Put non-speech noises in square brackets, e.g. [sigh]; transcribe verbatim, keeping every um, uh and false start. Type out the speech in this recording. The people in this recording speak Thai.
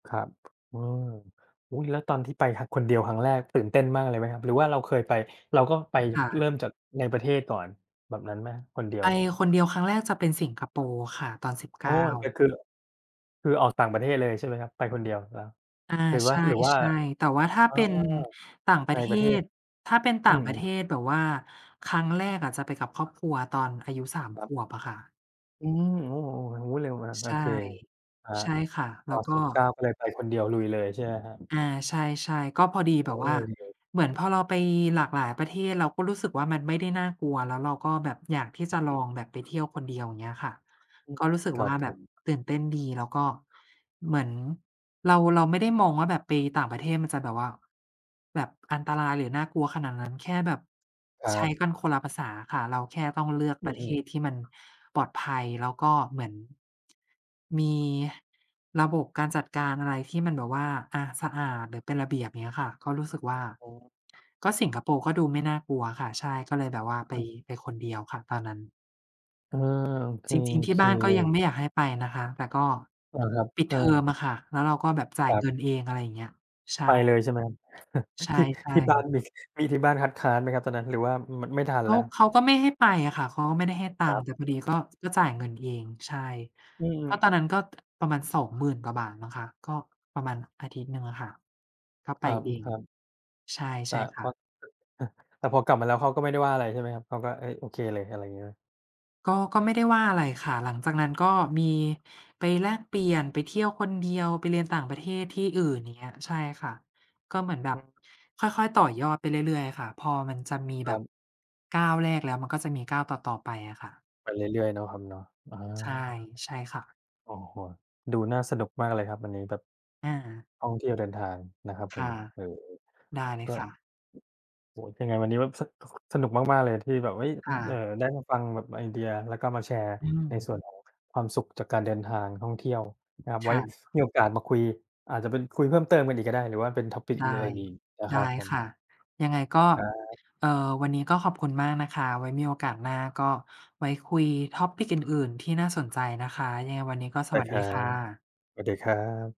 ครับ อืม อุ๊ย แล้วตอนที่ไป ท คนเดียวครั้งแรก ตื่นเต้นมากเลยไหมครับ? หรือว่าเราเคยไป เราก็ไปค่เะ ริ่มจากในประเทศก่อนแบบนั้นไหม? คนเดียไปว คนเดียวครั้งแรกจะเป็นสิงคโปร์ค่ะ ตอน สิบเโอก้ ้แต่า คือ ล คือออกต่างประเทศเลยใช่ไหมครับ ไปคนเดียว แล้ว อา หรือใว่า หรือว่า ช่ ๆ แต่ว่าถ้าอ๋อ เป็นต่างปใรนะเทประเทศ ศ ถ้าเป็นตอ่ืางม ประเทๆ ศแบบว่าครั้งแรกอะจะไปกับครอบครัวตอนอายุ สาม ครขับ วบอะค่ะ อืม โอ้โฮ โอ้ เร็วเหมือนกัน โใอช่ เค อะฮะ ใช่ค่ะ แอล๋้อ วก็ สิบเก้า ก็เลยไปคนเดียว ลุยเลยใช่ไหมครับ? อา ใช่ ๆ ก็พอดีโอแ้ บบว่า ดีเลย เหมือนพอเราไปหลากหลายประเทศเราก็รู้สึกว่า มันไม่ได้น่ากลัว แล้วเราก็แบบอยากที่จะลอืออ งแบบไปเที่ยวคนเดียว อย่างเงี้ยค่ะ อืม ก็รู้สึกครัว่บาผแบบม ตื่นเต้นดี แล้วก็เหมือนเรา เราไม่ได้มองว่าแบบไปต่างประเทศมันจะแบบว่า แบบอันตรายหรือน่ากลัวขนาดนั้น แค่แบบครัใช้บ กันคนละภาษาค่ะ เราแค่ต้องเลือกอืประเทม ศๆ ที่มันปลอดภัย แล้วก็เหมือน [tsk] มีระบบการจัดการอะไรที่มันแบบว่า อะ สะอาดหรือเป็นระเบียบ เงี้ยค่ะ ก็รู้สึกว่า อ๋อ ก็สิงคโปร์ก็ดูไม่น่ากลัวค่ะ ใช่ ก็เลยแบบว่าไป อือ ไปคนเดียวค่ะตอนนั้น อา โอเค จริโง อๆ ทีเ่คบ้านก็เลยังย ไม่อยากให้ไปนะคะ แต่ก็อา ครับ ปิดอเทอมา อะค่ะ แล้วเราก็แบบจ่าคยรับ เงินเอง อะไรเงี้ย ใช่ ไปเลยใช่ไหมครับ [chuckles] ใที่ ช่ ที่บ้าๆ นมี มีที่บ้านคัดค้านไหมครับตอนนั้น หรือว่า ม มันไม่ทันเขแา ล้ว? เขาก็ไม่ให้ไปอะค่ะ เขาก็ไม่ได้ให้ตัครงัค์ บ แต่พอดีก็ จ ก็จ่ายเงินเอง ใช่ อืก็ม ตอนนั้นก็ ประมาณ สองหมื่น กว่าบาทมั้งคะ ก็ประมาณอาทิตย์หนึ่งอะค่ะ ก็ไคปรับ เออือ ง ครับ ใช่ ใแตช่่คพ่อ ะ [chuckles] แต่พอกลับมาแล้วเขาก็ไม่ได้ว่าอะไรใช่ไหมครับ เขาก็ เอ๊ย โอเคเลย อะไรงี้ไหม? ก็ ก็ไม่ได้ว่าอะไรค่ะ หลังจากนั้นก็มีไปแลกเปลี่ยน ไปเที่ยวคนเดียว ไปเรียนต่างประเทศที่อื่น อย่างเงี้ย ใช่ค่ะ ก็เหมือนแบอบือ ค่อย ๆ ต่อยอดไปเรื่อย ๆ อะค่ะ พอมันจะมีคแบรับบ ก้าวแรก แล้วมันก็จะมีก้าวต่อ ๆ ไปอะค่ะ ไปเรื่อย ๆ เนาะครับเนาะ อา ใช่ ใช่ค่ะ โอ้โฮ ดูน่าสนุกมากเลยครับ อันนี้แบบ อา ท่องเที่ยวเดินทางนะครับคผม ่ะ เออ ได้เลๆ ยก็ อ ค่ะ โอ้ ยังไงวันนี้แบบ ส ค สนุกมาก ๆ เลยที่แบบ เอ๊ย คอ ่เอ่อ ะ ได้มาฟังแบบไอเดีย แล้วก็มาแชร์อืในม ส่วนของความสุขจากการเดินทางท่องเที่ยวนะครับ ไคว้่ะ มีโอกาสมาคุย อาจจะเป็นคุยเพิ่มเติมกันอีกก็ได้ หรือว่าเป็น topic ได้ อื่น ๆ อีกนะไดคร้ับผค่ม ะ ยังไงก็ ครับ เอ่อ วันนี้ก็ขอบคุณมากนะคะ ไว้มีโอกาสหน้าก็ไว้คุย topic อื่น ๆ ที่น่าสนใจนะคะ ยังไงวันนี้ก็สได้วัสคดีรัค่ะ บ สวัสดีครับ